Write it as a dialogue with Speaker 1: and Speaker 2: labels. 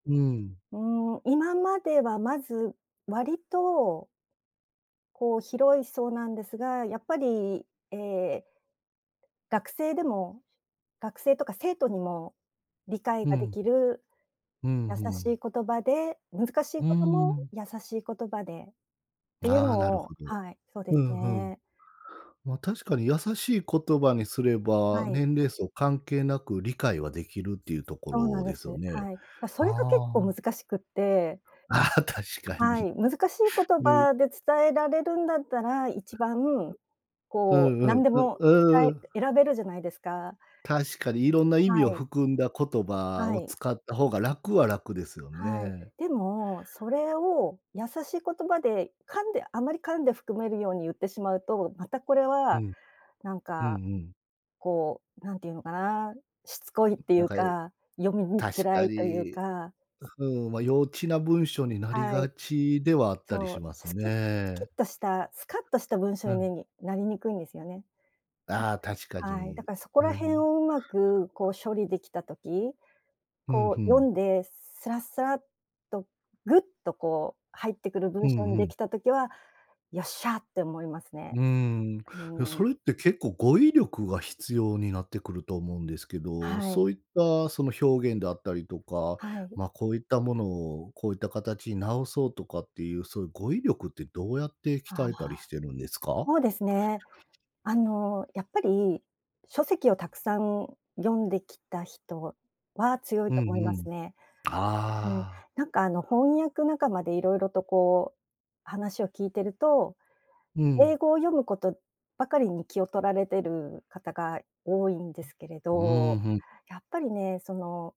Speaker 1: うーん。
Speaker 2: うーん、今まではまず割とこう広い層なんですが、やっぱり、ええ、学生でも学生とか生徒にも理解
Speaker 1: うー
Speaker 2: がで
Speaker 1: ん。
Speaker 2: きる
Speaker 1: うん、
Speaker 2: 優
Speaker 1: ふ
Speaker 2: し
Speaker 1: ん。
Speaker 2: い言葉で、難し
Speaker 1: う
Speaker 2: い
Speaker 1: ー
Speaker 2: ことも
Speaker 1: ん。
Speaker 2: 優しい言葉でっていう
Speaker 1: ああ、
Speaker 2: の
Speaker 1: なるほ
Speaker 2: を
Speaker 1: ど。
Speaker 2: はい、そうで
Speaker 1: ふ
Speaker 2: す
Speaker 1: んふん。
Speaker 2: ね。
Speaker 1: ま、確かに優しい言葉にすれば、
Speaker 2: はい。
Speaker 1: 年齢層関係なく理解はできるっていうとこ
Speaker 2: そうな
Speaker 1: ろ
Speaker 2: んで
Speaker 1: ですよ
Speaker 2: す、
Speaker 1: ね。
Speaker 2: はい。ま、それが結
Speaker 1: あ
Speaker 2: 構
Speaker 1: あ。
Speaker 2: 難しくって
Speaker 1: ああ、確か
Speaker 2: は
Speaker 1: に。
Speaker 2: い、難しい言
Speaker 1: うん。
Speaker 2: 葉で伝えられるんだったら、一番
Speaker 1: う
Speaker 2: こ
Speaker 1: ん
Speaker 2: う
Speaker 1: う
Speaker 2: な
Speaker 1: ん。
Speaker 2: んで
Speaker 1: う
Speaker 2: も、伝
Speaker 1: うーん。
Speaker 2: え選べるじゃないですか。
Speaker 1: 確かに色んな意
Speaker 2: は
Speaker 1: 味を
Speaker 2: い。
Speaker 1: 含んだ言葉
Speaker 2: は
Speaker 1: を
Speaker 2: い。
Speaker 1: 使った方が、楽は楽ですよ
Speaker 2: はい。
Speaker 1: ね。
Speaker 2: でもそれを優しい言葉で噛んであまり噛んで含めるように言ってしまうと、またこれ
Speaker 1: う
Speaker 2: は、
Speaker 1: ん。
Speaker 2: なん
Speaker 1: うん
Speaker 2: か、
Speaker 1: うん。
Speaker 2: こう、なんていうのかな、しつこいってい
Speaker 1: なん
Speaker 2: う
Speaker 1: かえ
Speaker 2: か、読みにく
Speaker 1: 確
Speaker 2: ら
Speaker 1: か
Speaker 2: いという
Speaker 1: に。
Speaker 2: か。
Speaker 1: う、ふーん、ま、幼稚な文章になり
Speaker 2: は
Speaker 1: が
Speaker 2: い。
Speaker 1: ちではあったり
Speaker 2: そ
Speaker 1: し
Speaker 2: う、
Speaker 1: ます
Speaker 2: スキスキッ
Speaker 1: ね。
Speaker 2: としたスカッとした文章
Speaker 1: うん。
Speaker 2: になりにくいんですよね。
Speaker 1: ああ、確か
Speaker 2: うん、はい。だ
Speaker 1: に。
Speaker 2: からそこ
Speaker 1: うー
Speaker 2: らへん
Speaker 1: ん。
Speaker 2: をうまく、こう、処理できた時、
Speaker 1: うん、
Speaker 2: こ
Speaker 1: ふ
Speaker 2: う、読
Speaker 1: ん。
Speaker 2: んですらすらっと、ぐっと、こう入ってくる
Speaker 1: う
Speaker 2: 文章
Speaker 1: ん、
Speaker 2: に
Speaker 1: ふ
Speaker 2: で
Speaker 1: ん。
Speaker 2: きた時は、よっしゃって思います
Speaker 1: う
Speaker 2: ね、
Speaker 1: ーん、
Speaker 2: う
Speaker 1: え、
Speaker 2: ーん。
Speaker 1: それって結構語彙力が必要になってくると思うんですけど、
Speaker 2: はい。
Speaker 1: そういったその表現であったりとか、
Speaker 2: はい。
Speaker 1: ま、こういったものを、こういった形に直そうとかっていう、そういう語彙力ってどうやって
Speaker 2: ああ。
Speaker 1: 鍛えたりしてるんですか？
Speaker 2: そうですね。あの、やっぱり書籍をたくさん読んできた人は強い
Speaker 1: うん
Speaker 2: と思い
Speaker 1: う
Speaker 2: ま
Speaker 1: ん。
Speaker 2: すね。うん、
Speaker 1: ああ。
Speaker 2: なんか、あの、翻訳仲間でいろいろと、こう、話を聞いてると、
Speaker 1: うん。
Speaker 2: 英語を読むことばかりに気を取られてる方が多いんですけれ
Speaker 1: うー
Speaker 2: ど、
Speaker 1: ん、ふん。
Speaker 2: やっぱりね、その